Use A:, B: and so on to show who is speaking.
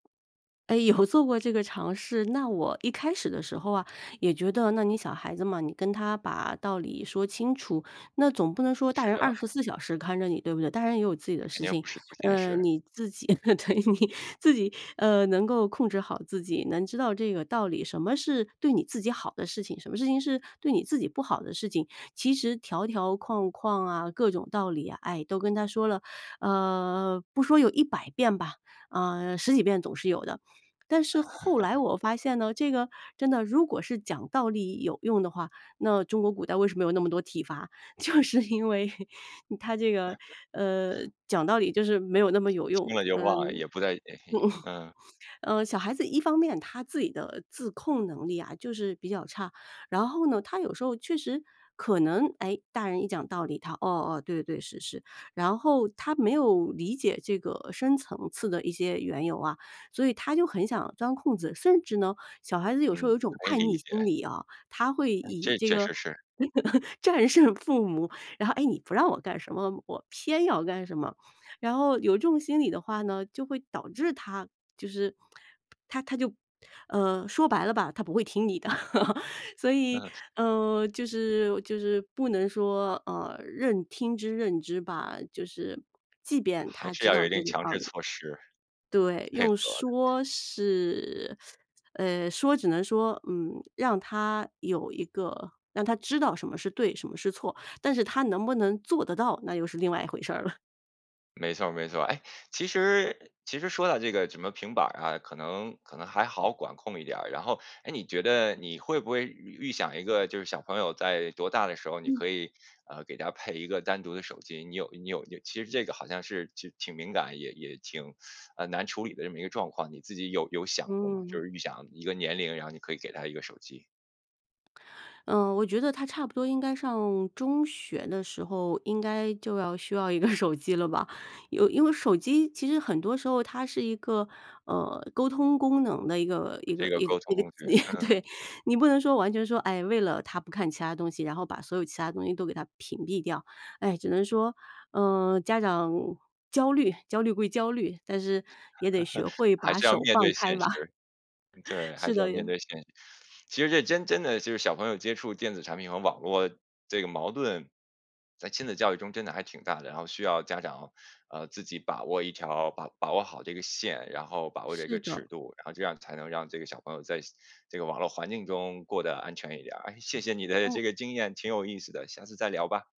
A: 哎，有做过这个尝试。那我一开始的时候啊，也觉得那你小孩子嘛，你跟他把道理说清楚，那总不能说大
B: 是
A: 人二
B: 的。
A: 十四小时看着你，对不对？大人也有自己的
B: 肯
A: 事
B: 定
A: 情，
B: 不是不现
A: 呃，
B: 实。
A: 你自己 对你自己，呃，能够控制好自己，能知道这个道理，什么是对你自己好的事情，什么事情是对你自己不好的事情。其实条条框框啊，各种道理啊，唉，都跟他说了，呃，不说有100遍吧，啊，10几遍总是有的。但是后来 我发现呢，这个真的如果是讲道理有用的话，那中国古代为什么有那么多体罚，就是因为 它这个，呃，讲道理就是没有那么有
B: 听
A: 用，
B: 了
A: 嗯。
B: 就忘了，也不在嗯。
A: 呃，小孩子一方面他自己的自控能力啊就是比较差，然后呢，他有时候确实可能，诶，大人一讲道理，他，哦，哦，对对，是是。然后他没有理解这个深层次的一些缘由啊，所以他就很想钻空子，甚至呢，小孩子有时候有一
B: 嗯，
A: 种
B: 可以
A: 叛
B: 理
A: 逆心
B: 解。
A: 理啊，他会
B: 哎，
A: 以
B: 这
A: 这
B: 确
A: 个
B: 实是。
A: 战胜父母，然后，诶，你不让我干什么，我偏要干什么。然后有这种心理的话呢，就会导致他就是他他就，呃，说白了吧，他不会听你的，所以，
B: 那
A: 嗯，就是就是不能说，呃，任听之任之吧，就是即便
B: 还
A: 他
B: 是
A: 知
B: 要有
A: 道
B: 一定
A: 这个
B: 强
A: 道
B: 制
A: 理。
B: 措施，
A: 对，
B: 配合。
A: 用说是 呃，说只能说，嗯，让他有一个让他知道什么是对什么是错，但是他能不能做得到，那又是另外一回事儿了。
B: 没错儿没错儿，哎，其实其实说到这个什么平板儿啊，可能可能还好管控一点儿。然后哎，你觉得你会不会预预想一个就是小朋友在多大的时候，你
A: 嗯。
B: 可以，呃，给他配一个单独的手机，你有你有其实这个好像是挺挺敏感，也也挺难处理的这么一个状况，你自己有有想过吗？就
A: 嗯。
B: 是预想一个年龄，然后你可以给他一个手机。
A: 嗯，我觉得他差不多应该上中学的时候应该就要需要一个手机了吧，有因为手机其实很多时候它是一个，呃，沟通功能的一个一
B: 这
A: 个
B: 个
A: 一个
B: 沟
A: 一
B: 通
A: 个
B: 工具，嗯嗯。
A: 对，你不能说完全说，哎，为了他不看其他东西，然后把所有其他东西都给它屏蔽掉。哎，只能说，呃，家长焦虑，焦虑归焦虑，但是也得学 会
B: 还
A: 把
B: 是要
A: 手
B: 面
A: 放
B: 对
A: 开
B: 现实，
A: 吧。
B: 对，还
A: 是
B: 是要
A: 的呀。
B: 面对现实。其实这真真的就是小朋友接触电子产品和网络这个矛盾，在亲子教育中真的还挺大的。然后需要家长，呃，自己把握一条把把握好这个线，然后把握这
A: 是
B: 个
A: 的。
B: 尺度，然后这样才能让这个小朋友在这个网络环境中过得安全一点儿。哎，谢谢你的
A: 嗯。
B: 这个经验，挺有意思的，下次再聊吧。